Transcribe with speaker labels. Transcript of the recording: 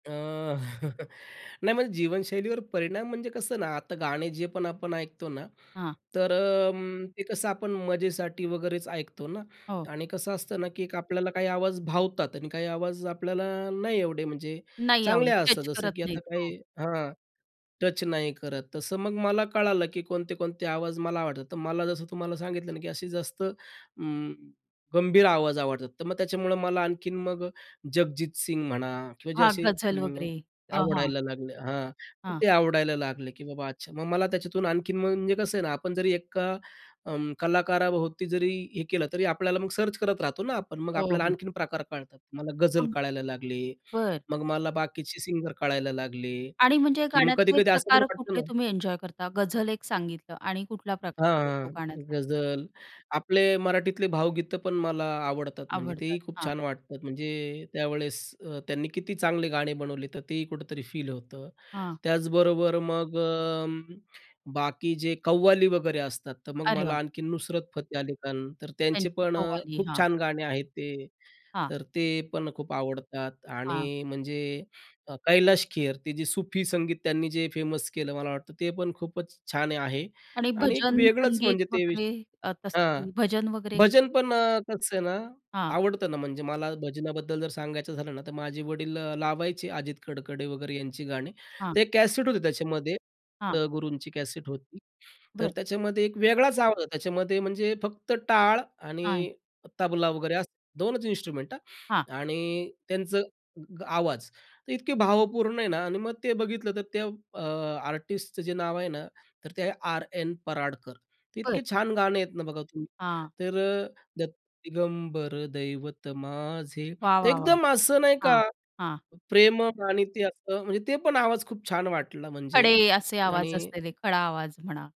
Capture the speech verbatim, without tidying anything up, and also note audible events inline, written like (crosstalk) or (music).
Speaker 1: अ, (chuckles) नाही म्हणजे जीवनशैलीवर परिणाम म्हणजे कसं ना, आता गाणे जे पण आपण ऐकतो ना,
Speaker 2: हां.
Speaker 1: तर अं, ते कसं आपण मजेसाठी वगैरेच ऐकतो ना.
Speaker 2: हो.
Speaker 1: आणि कसं असतं ना की एक आपल्याला काही आवाज भावतात आणि काही आवाज आपल्याला नाही एवढे, म्हणजे
Speaker 2: नाही आवडतं,
Speaker 1: चांगले असतात
Speaker 2: स्ट्रेच
Speaker 1: जसं,
Speaker 2: करत
Speaker 1: की आता
Speaker 2: नाहीत. हो.
Speaker 1: काही हां, टच नाही करत, तसं मग मला कळालं की कोणते, कोणते आवाज मला आवडतात. तर मला जसं तुम्हाला सांगितलं ना, की असे जास्त अं, गंभीर आवाज आवडतात, तर मग त्याच्यामुळं मला आणखीन मग जगजीत सिंग म्हणा किंवा जे
Speaker 2: हां,
Speaker 1: असे
Speaker 2: गझल
Speaker 1: अं,
Speaker 2: वगैरे अ, हां.
Speaker 1: आवडायला लागले हां,
Speaker 2: हां.
Speaker 1: ते आवडायला लागले की बाबा अच्छा, मग मला त्याच्यातून आणखीन म्हणजे कसं आहे ना आपण जरी एका अं, कलाकाराभोवती जरी हे केलं, तरी आपल्याला मग सर्च करत राहतो ना आपण. मग
Speaker 2: हो,
Speaker 1: आपल्याला
Speaker 2: हो.
Speaker 1: आणखीन प्रकार कळतात. मला गझल
Speaker 2: हं.
Speaker 1: कळायला लागले.
Speaker 2: बरं.
Speaker 1: मग मला बाकीचे सिंगर कळायला लागले.
Speaker 2: आणि म्हणजे
Speaker 1: की मग
Speaker 2: गाण्यातले
Speaker 1: कधी-कधी असं पण
Speaker 2: प्रकार
Speaker 1: वाटतं
Speaker 2: कुठले
Speaker 1: ना
Speaker 2: तुम्ही एन्जॉय करता, गझल एक सांगितलं आणि कुठला
Speaker 1: हां,
Speaker 2: प्रकार आवडतो
Speaker 1: हां.
Speaker 2: गाण्यातला?
Speaker 1: गझल, आपले मराठीतले भावगीतं पण मला आवडतात, म्हणजे
Speaker 2: आवडतात.
Speaker 1: तेही खूप
Speaker 2: हां.
Speaker 1: छान वाटतात. म्हणजे त्यावेळेस अ, त्यांनी किती चांगले गाणे बनवले, तर तेही कुठेतरी फील होतं.
Speaker 2: हां.
Speaker 1: त्याचबरोबर मग अं, बाकी जे कव्वाली वगैरे असतात, तर मग
Speaker 2: अरे वाह!
Speaker 1: मला आणखी नुसरत फतेह अली खान, तर त्यांचे
Speaker 2: त्यांची
Speaker 1: पण अ,
Speaker 2: कव्वाली.
Speaker 1: खूप
Speaker 2: हां.
Speaker 1: छान गाणे आहेत ते.
Speaker 2: हां.
Speaker 1: तर ते पण खूप आवडतात
Speaker 2: हां.
Speaker 1: आणि म्हणजे अ, कैलाश खेर ते जे सूफी संगीत त्यांनी जे फेमस केलं, मला वाटतं ते पण खूपच छान आहे
Speaker 2: आणि
Speaker 1: आणि एक
Speaker 2: भजन,
Speaker 1: वेगळंच
Speaker 2: संगीत
Speaker 1: म्हणजे ते
Speaker 2: वगैरे अ,
Speaker 1: विषय हां,
Speaker 2: तसं भजन वगैरे?
Speaker 1: भजन पण कसं आहे ना,
Speaker 2: हां.
Speaker 1: आवडतं ना, म्हणजे मला भजनाबद्दल जर सांगायचं झालं ना, तर माझे वडील लावायचे अजित कडकडे वगैरे यांची गाणी.
Speaker 2: हां.
Speaker 1: ते कॅसेट होते त्याच्यामध्ये,
Speaker 2: हां.
Speaker 1: त्या गुरूंची कॅसेट होती. तर
Speaker 2: बरं.
Speaker 1: त्याच्यामध्ये एक वेगळाच आवाज आहे. त्याच्यामध्ये म्हणजे फक्त टाळ
Speaker 2: हां.
Speaker 1: आणि तबला वगैरे दोन च इन्स्ट्रुमेंट
Speaker 2: हां.
Speaker 1: हां आणि त्यांचं आवाज तर इतके भावपूर्ण आहे ना आणि मग ते बघितलं तर, त्या अ, आर्टिस्टचं जे नाव आहे ना तर ते आहे आरएन पराडकर.
Speaker 2: बरं.
Speaker 1: इतके छान गाणं आहेत ना, बघा तुम्ही
Speaker 2: हां.
Speaker 1: तर अ, दत्त दिगंबर दैवत माझे,
Speaker 2: वाह,
Speaker 1: तर
Speaker 2: वाह, वाह!
Speaker 1: एकदम असं नाही
Speaker 2: हां,
Speaker 1: का
Speaker 2: हां.
Speaker 1: प्रेम (unintelligible) आणि ते असं म्हणजे ते पण आवाज खूप छान वाटला म्हणजे
Speaker 2: खडे असे
Speaker 1: आणि
Speaker 2: आवाज असलेले, खडा आवाज म्हणा.